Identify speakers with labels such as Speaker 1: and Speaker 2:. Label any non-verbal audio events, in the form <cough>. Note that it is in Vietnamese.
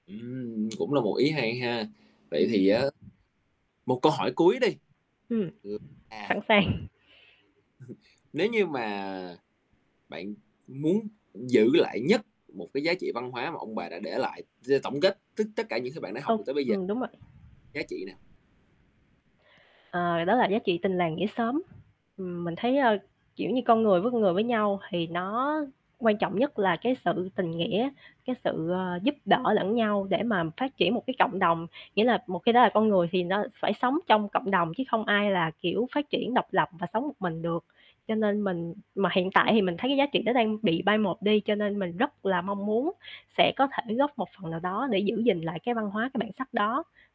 Speaker 1: Ừm. <smacks lips> Cũng là một ý hay ha. Vậy
Speaker 2: Ừm.
Speaker 1: thì á, một câu hỏi cuối đi
Speaker 2: Ừm,
Speaker 1: ừ, à.
Speaker 2: sẵn sàng.
Speaker 1: <laughs> Nếu như mà bạn muốn giữ lại nhất một cái giá trị văn hóa mà ông bà đã để lại, giờ tổng kết tất tất cả những cái bạn đã học được
Speaker 2: Ồ,
Speaker 1: tới bây giờ
Speaker 2: ừm, đúng rồi.
Speaker 1: giá trị nào?
Speaker 2: Ờ, đó là giá trị tình làng nghĩa xóm. Ừm, mình thấy, ờ, kiểu như, con người với con người với nhau thì nó quan trọng nhất là cái sự tình nghĩa, cái sự, ờ, giúp đỡ lẫn nhau để mà phát triển một cái cộng đồng. Nghĩa là một khi đã là con người thì nó phải sống trong cộng đồng chứ không ai là, kiểu, phát triển độc lập và sống một mình được. Cho nên mình mà hiện tại thì mình thấy cái giá trị đó đang bị bai một đi, cho nên mình rất là mong muốn sẽ có thể góp một phần nào đó để giữ gìn lại cái văn hóa, cái bản sắc đó.